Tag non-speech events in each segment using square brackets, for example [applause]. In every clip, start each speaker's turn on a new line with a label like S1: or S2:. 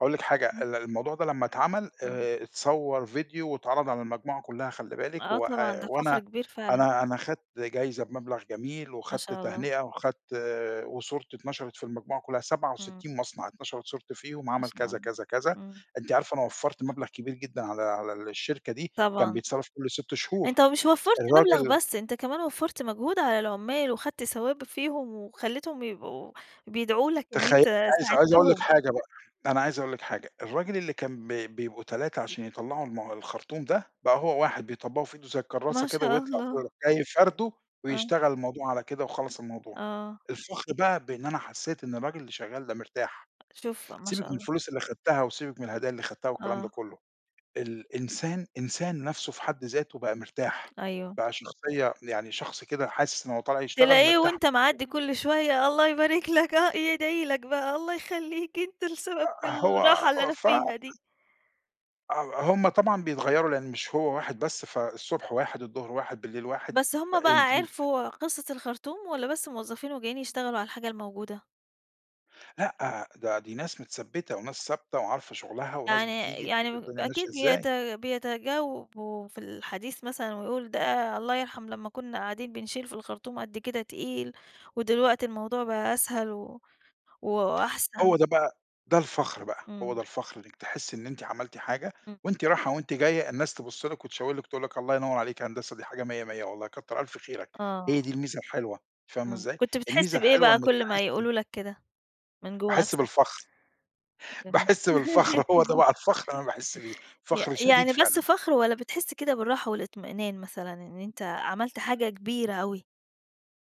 S1: هاقول لِك حاجة،
S2: إمم.
S1: ال الموضوع ده لمّا اتعمل
S2: امم.
S1: آآ اتصوّر فيديو واتعرض على المجموعة كُلّها خلّي بالِك
S2: آه طبعًا،
S1: وآآ
S2: ده
S1: وأنا
S2: فخر كبير فعلًا.
S1: أنا أنا خدت جايزة بمبلغ جميل
S2: ما
S1: وخدت
S2: شاء الله.
S1: تهنئة، وخدت وصورتي اتنشرت في المجموعة كُلّها، سبعة
S2: إمم.
S1: وستين مصنع اتنشرت صورتي فيهم
S2: ما
S1: وعمل
S2: شاء
S1: كذا،
S2: الله.
S1: كذا، كذا.
S2: إمم.
S1: أنتِ عارفة أنا وفّرت مبلغ كبير جدًا على على الشركة دي كان
S2: طبعًا.
S1: بيتصرف كل 6 شهور.
S2: أنت مش وفّرت مبلغ
S1: الراجل
S2: بس، أنت كمان وفّرت مجهود على العُمّال وخدت ثواب فيهم وخلّيتهم يبقوا بيدعوا لك إن
S1: تخيّلي
S2: أنت
S1: عايز عايز أقول لِك
S2: ساعدتهم.
S1: حاجة بقى، أنا عايز أقول لِك حاجة. الراجل اللي كان ب بيبقوا 3 عشان يطلّعوا م الخرطوم ده، بقى هو واحد بيطبّقه في إيده زي الكرّاسة
S2: ما
S1: كده
S2: شاء
S1: ويطلع [unintelligible]
S2: الله.
S1: جاي فارده
S2: آه.
S1: ويشتغل الموضوع على كده وخلّص الموضوع.
S2: آه.
S1: الفخر بقى بإن أنا حسّيت إن الراجل اللي شغّال ده مرتاح.
S2: شوف، ما
S1: سيبِك
S2: شاء
S1: من
S2: الله.
S1: الفلوس اللي خدتها وسيبِك من الهدايا اللي خدتها والكلام ده
S2: آه.
S1: كُلّه، الإنسان إنسان نَفْسه في حد ذاته بقى مرتاح،
S2: أيوه.
S1: بقى شخصية يعني شخص كده حاسِس إن هو طالع يشتغل
S2: تلاقيه
S1: مرتاح
S2: وأنت
S1: [unintelligible]
S2: معدّي كل شوية الله يبارك لك آه، يدعي لك بقى، الله يخلّيك أنت السبب في
S1: آآ هو
S2: الراحة اللي أنا
S1: ف
S2: فيها دي.
S1: آه. هم طبعًا بيتغيّروا لإن مش هو واحد بس، فالصبح واحد، الضهر واحد، بالليل واحد،
S2: بس هم
S1: آآ
S2: بقى
S1: أنتِ م
S2: عرفوا قِصّة الخرطوم والّا بس موظفين وجايين يشتغلوا على الحاجة الموجودة؟
S1: لأ، ده دي ناس متثبّتة وناس ثابتة وعارفة شُغلها، وناس
S2: يعني
S1: بتيجي
S2: يعني
S1: تشوف
S2: م
S1: الدنيا ماشية
S2: أكيد
S1: إزاي.
S2: بيت بيتجاوبوا في الحديث مثلًا ويقول ده الله يرحم لمّا كُنّا قاعدين بنشيل في الخرطوم قد كده تقيل، ودلوقتي الموضوع بقى أسهل و وأحسن.
S1: هو ده بقى ده الفخر بقى. هو ده
S2: إمم.
S1: الفخر إنِّك تحسّي إن أنتِ عملتِ حاجة
S2: إمم.
S1: وأنتِ راحة وأنتِ جاية الناس تبُص لِك وتشاور لِك تقول لِك الله ينوّر عليك يا هندسة دي حاجة مِيّة، مِيّة والله كتّر ألف خيرك. هي
S2: آه.
S1: دي الميزة الحلوة فاهمة
S2: إمم.
S1: إزاي؟
S2: كنت بتحِس
S1: الميزة
S2: بإيه
S1: الحلوة
S2: بقى
S1: إنِّك
S2: كل ما
S1: تحسّي
S2: يقولوا لك كده من جوّه
S1: تحسّي
S2: نفسك؟
S1: بالفخر.
S2: [unintelligible]
S1: باحِس بالفخر هو ده
S2: [giggles]
S1: بقى الفخر اللي أنا باحِس بيه،
S2: يع
S1: فخر شديد
S2: يعني بس
S1: فعلًا.
S2: فخر والّا بتحِس كده بالراحة والإطمئنان مثلًا إن أنت عملت حاجة كبيرة أوي؟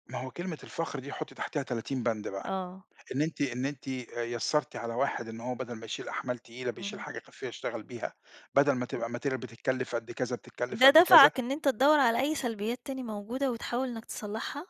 S1: ما هو كلمة الفخر دي حُطي تحتها 30 بَنْد بقى.
S2: آه.
S1: إن أنتِ إن أنتِ آآ يسَّرتِ على واحد إن هو بَدَل ما يشيل أحمال تقيلة بيشيل
S2: إمم.
S1: حاجة كافية يشتغل بيها، بَدَل ما تبقى
S2: [unintelligible]
S1: material بتتكلِّف قد كذا، بتتكلِّف
S2: ده
S1: قد كذا.
S2: دَفَعك إن أنت تدوّر على أي سلبيّات تاني موجودة وتحاول إنّك تصلّحها؟